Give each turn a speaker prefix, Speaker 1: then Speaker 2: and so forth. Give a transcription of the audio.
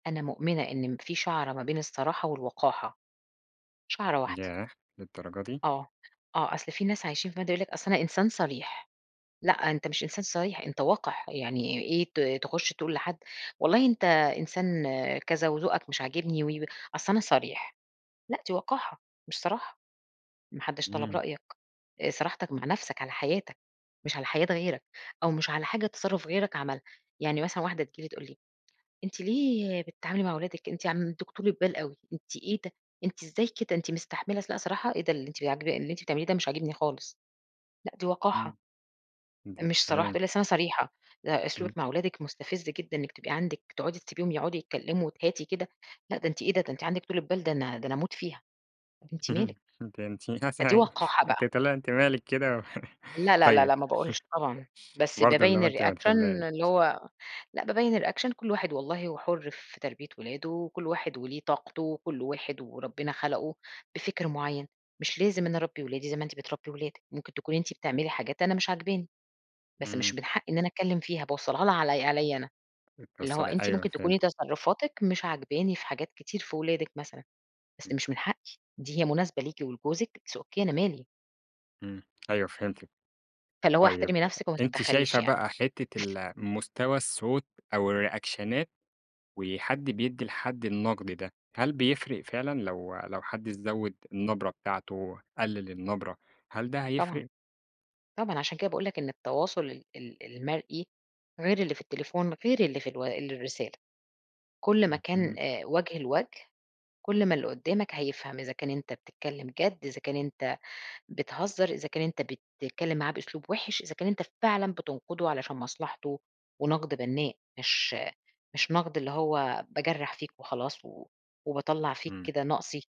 Speaker 1: أنا مؤمنة إن م في شَعرة ما بين الصراحة والوقاحة. شَعرة واحدة.
Speaker 2: ياه! للدرجة دي؟
Speaker 1: آه. آه. أصل في ناس عايشين فيقعد يقول لِك: "أصل أنا إنسان صريح." لأ، أنت مش إنسان صريح، أنت وَقِح. يعني إيه ت تخُش تقول لحد والله أنت إنسان كذا وذوقك مش عاجبني و، و. أصل أنا صريح، لأ دي وقاحة مش صراحة. ما حدّش طلب
Speaker 2: إمم.
Speaker 1: رأيك، آآ صراحتك مع نفسك، على حياتك، مش على حياة غيرك. أو مش على حاجة تَصرُّف غيرك عملها. يعني مثلًا واحدة تيجي لي تقول لي: "أنتِ ليه بتتعاملي مع ولادِك، أنتِ عندِك طولة بال أوي، أنتِ إيه ده، أنتِ إزاي كده؟ أنتِ مستحملة" لأ صراحة، إيه ده اللي أنتِ ب عاجب اللي أنتِ بتعمليه ده مش عاجبني خالص، لأ دي وقاحة.
Speaker 2: إمم. [unintelligible]
Speaker 1: مش صراحة،
Speaker 2: تمام.
Speaker 1: تقول لي: :أصل أنا صريحة، لأ
Speaker 2: إمم.
Speaker 1: أسلوبِك مع ولادِك مُستفز جدًا إنِّك تبقى عندِك تقعدي تسبيهم يقعدوا يتكلّموا وتهاتي كده لأ ده أنتِ إيه ده؟ ده أنتِ عندِك طولة بال، ده أنا ده أنا أموت فيها." أنتِ مالِك.
Speaker 2: ده أنتِ
Speaker 1: فدي
Speaker 2: [unintelligible]
Speaker 1: وقاحة بقى.
Speaker 2: أنتِ تقولي لها أنتِ مالِك كده و
Speaker 1: لا، لا، لا،
Speaker 2: طيب،
Speaker 1: لا ما باقولش طبعًا، بس
Speaker 2: برضه اللي
Speaker 1: بابيّن
Speaker 2: هو أنتِ ما
Speaker 1: الريأكشن
Speaker 2: تحبّيهاش.
Speaker 1: اللي هو لأ بابيّن الريأكشن، كل واحد والله هو حُر في تربية ولاده وكل واحد وليه طاقته وكل واحد وربنا خلقوا بفِكْر معيّن. مش لازم أنا أربّي ولادي زي ما أنتِ بتربّي ولادِك، ممكن تكوني أنتِ بتعملي حاجات أنا مش عاجباني. بس مش
Speaker 2: إمم.
Speaker 1: من حقيّ إن أنا أتكلّم فيها، باوصّلها لها علي عليّا أنا. اللي هو
Speaker 2: بتوصّلي
Speaker 1: أنتِ
Speaker 2: أيوه
Speaker 1: ممكن تكوني
Speaker 2: فهمت.
Speaker 1: تصرُّفاتِك مش عاجباني في حاجات كتير في ولادِك مثلًا، بس
Speaker 2: إمم.
Speaker 1: مش من حقّي، دي هي مناسبة ليكِ ولجوزِك، it's okay أنا مالي.
Speaker 2: إمم. أيوه فهمتِك.
Speaker 1: فاللي هو
Speaker 2: طيب،
Speaker 1: احترمي نفسِك وما
Speaker 2: أنتِ
Speaker 1: تدَّخّليش
Speaker 2: شايفة
Speaker 1: يعني.
Speaker 2: بقى حتّة ال مستوى الصوت أو الريأكشنات وحَد بيدّي لحَد النَقْد ده، هل بيفرق فعلًا لو لو حد زوِّد النبرة بتاعته، قلِّل النبرة، هل ده هيفرق؟
Speaker 1: طبعًا. طبعًا. عشان كده باقول لك إن التواصل ال ال المرئي، غير اللي في التليفون، غير اللي في ال الرسالة. كل ما كان
Speaker 2: اهم.
Speaker 1: وُجه لوَجه، كل ما اللي قُدّامك هيفهم إذا كان أنت بتتكلّم جَد، إذا كان أنت بتهزّر، إذا كان أنت بتتكلّم معاه بأسلوب وِحِش، إذا كان أنت فعلًا بتنقُده علشان مصلحته ونَقْد بنّاء مش مش نَقْد اللي هو باجرَّح فيك وخلاص و وباطلّع فيك
Speaker 2: إمم.
Speaker 1: كده نَقصي.